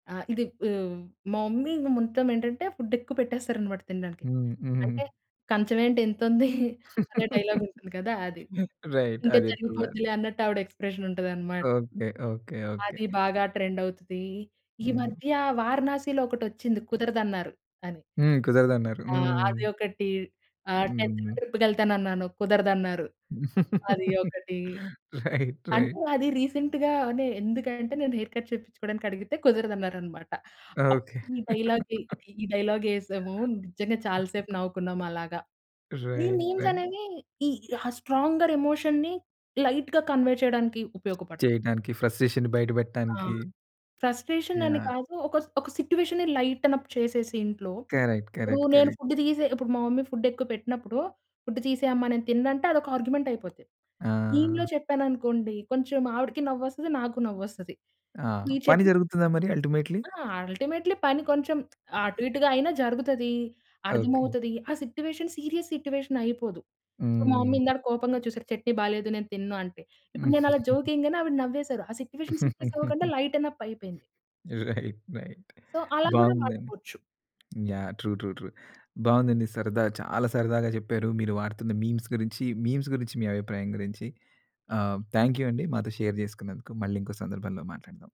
ఆ! ఇది‌ ఆహ్, మా మమ్మీ ఇంగ మొత్తం ఏంటంటే, ఫుడ్ ఎక్కువ పెట్టేస్తారనమాట తినడానికి. హ్మ్. అంటే హుహు. కం‌చం ఏంటి ఇంతుంది? అనే డైలాగ్ ఉంటుంది కదా! అది. రైట్. తింటె అదెక్కువ. తరిగిపొద్దిలే అన్నట్టు ఆవిడ ఎక్స్ప్రెషన్ ఉంటది అన్నమాట. ఓకే. ఓకే. ఓకే. అది బాగా ట్రెండ్ అవుతది. ఈ హ్మ్. మధ్య వారణాసిలో ఒకటొచ్చింది కుదరదన్నారు అని. హ్మ్. కుదరదన్నారు. ఆ! అది హ్మ్. ఒకటి. ఆహ్, 10‌‌థ్‌న హుహు. ట్రిప్‌కెళ్తానన్నాను కుదరదన్నారు. అది ఒకటి. రైట్. అంటే రైట్. అది రీసెంట్‌గానే ఎందుకంటే, నేను హెయిర్ కట్ చేపిచ్చుకోవడానికి అడిగితే కుదరదన్నారన్నమాట. ఓకే. అప్పుడు ఈ డైలాగ్‌ది ఇది ఈ డైలాగ్ యేసాము. నిజంగా చాలా సేపు నవ్వుకున్నాం అలాగా. ఈ రైట్. మీమ్స్ రై అనేవి, ఈ స్ట్రాంగర్ ఎమోషన్‌ని లైట్‌గా కన్వే చేయడానికి ఉపయోగపడతాయి. చేయటానికి ఫ్రస్ట్రేషన్‌ని బయట ఆ! పెట్టడానికి. ఫ్రస్ట్రేషన్ అ‌ని యాహ్! కాదు. ఒక స్ ఒక సిట్యుయేషన్‌ని లైటెనప్ చేసేసి ఇంట్లో. కరెక్ట్. ఇప్పుడు కరెక్ట్. నేను కరెక్ట్. ఫుడ్ తీసే ఇప్పుడు మా మమ్మీ ఫుడ్ ఎక్కువ పెట్టినప్పుడు ఫుడ్ తీసేయమ్మ నేను తిన్నంటే అదొక ఆర్గ్యుమెంట్ అయిపోద్ది. మీమ్‌లో ఆ! చెప్పాను అనుకోండి, కొంచెం ఆవిడకి నవ్వొస్తది నాకు నవ్వొస్తది. ఆ! ఇప్పుడు ఈ పని చట్నీ జరుగుతుందా మరి అల్టిమేట్లి? ఆ! అల్టిమేట్లి పని కొంచెం అటు ఇటుగా అయినా జరుగుతది. ఓకే. అర్థమవుతది. ఆ సిట్యుయేషన్ సీరియస్ సిట్యుయేషన్ అయిపోదు. సో మా మమ్మీ హ్మ్. ఇందాకడ కోపంగా చూసారు చట్నీ బాలేదు నేను తినను అంటే. ఇప్పుడు నేను అలా జోక్‌ ఎయం‌గానే ఆవిడ నవ్వేసారు. ఆ సిట్యుయేషన్ సీరియస్ అవ్వకుండా లైటెన్అప్ అయిపోయింది. రైట్. రైట్. సో అలా గూడా బావుందండి. వాడుకోవచ్చు. యాహ్! True, true, true. బావుందండి. సరదా చాలా సరదాగా చెప్పారు. మీరు వాడుతున్న మీమ్స్ గురించి, మీమ్స్ గురించి మీ అభిప్రాయం గురించి. ఆహ్, థాంక్ యూ అండి మాతో షేర్ చేసుకున్నందుకు మళ్ళీ ఇంకో సందర్భంలో మాట్లాడదాం.